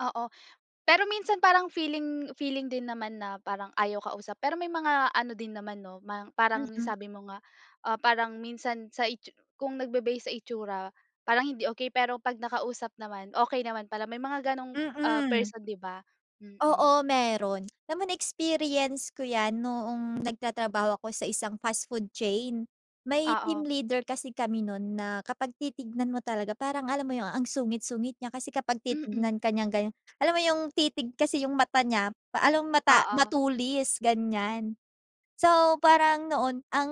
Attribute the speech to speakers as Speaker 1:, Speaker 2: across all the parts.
Speaker 1: Oo, pero minsan parang feeling feeling din naman na parang ayaw kausap. Pero may mga ano din naman, 'no, mang parang
Speaker 2: Mm.
Speaker 1: sabi mo nga, ah, parang minsan sa itsu kung nagbe-base sa itsura, parang hindi okey. Pero pag nakausap naman, okey naman pala may mga ganong, ah,
Speaker 2: Mm.
Speaker 1: person. 'di ba? Mm.
Speaker 2: Oo. Meron alam mo na-experience ko yan noong nagtatrabaho ako sa isang fast food chain. May team
Speaker 1: Oo.
Speaker 2: leader kasi kami nun na kapag titignan mo talaga parang alam mo yung ang sungit-sungit niya. Kasi kapag
Speaker 1: Mm.
Speaker 2: titignan ka niyang ganyan, alam mo yung titig kasi yung mata niya pa alom mata
Speaker 1: Oo.
Speaker 2: matulis, ganyan. So, parang noon ang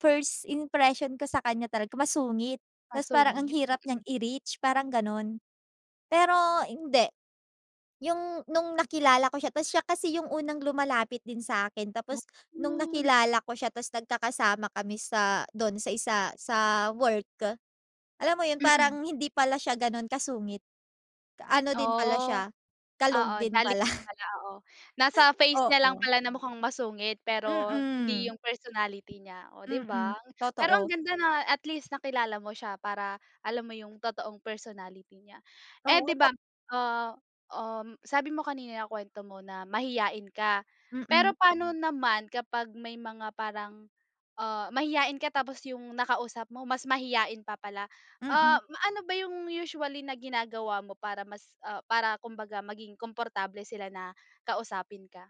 Speaker 2: first impression ko sa kanya talaga masungit. Tas parang ang
Speaker 1: Masungit.
Speaker 2: hirap niyang
Speaker 1: Mm.
Speaker 2: i-reach parang ganun. Pero hindi. Yung nung nakilala ko siya tas siya kasi yung unang lumalapit din sa'kin
Speaker 1: Wo
Speaker 2: tapos nung
Speaker 1: mo nagga ah
Speaker 2: nakilala ko siya tas nagkakasama kami sa dun sa isa sa work. Alam mo yun,
Speaker 1: Mm.
Speaker 2: parang hindi pala siya ganun kasungit. Ano din pala
Speaker 1: Oh,
Speaker 2: siya kalog
Speaker 1: oo,
Speaker 2: din
Speaker 1: jolly
Speaker 2: pala.
Speaker 1: pala, oo. Nasa face niya lang
Speaker 2: Oo.
Speaker 1: pala na mukhang masungit. Pero hindi
Speaker 2: Mm.
Speaker 1: yung personality niya. Oh, 'di
Speaker 2: Mm.
Speaker 1: bang? Pero ang
Speaker 2: Totoo.
Speaker 1: ganda na at least nakilala mo siya para alam mo yung totoong personality niya. Eh,
Speaker 2: Oo,
Speaker 1: 'di ba
Speaker 2: tek
Speaker 1: ah, um, sabi mo kanina nakwento mo na mahiyain ka.
Speaker 2: Mm.
Speaker 1: Pero paano naman kapag may mga parang ah, mahiyain ka tapos yung nakausap mo mas mahiyain pa pala. Ah,
Speaker 2: Mm.
Speaker 1: ma ano ba yung usually na ginagawa mo para mas, ah, para kumbaga maging komportable sila na kausapin ka?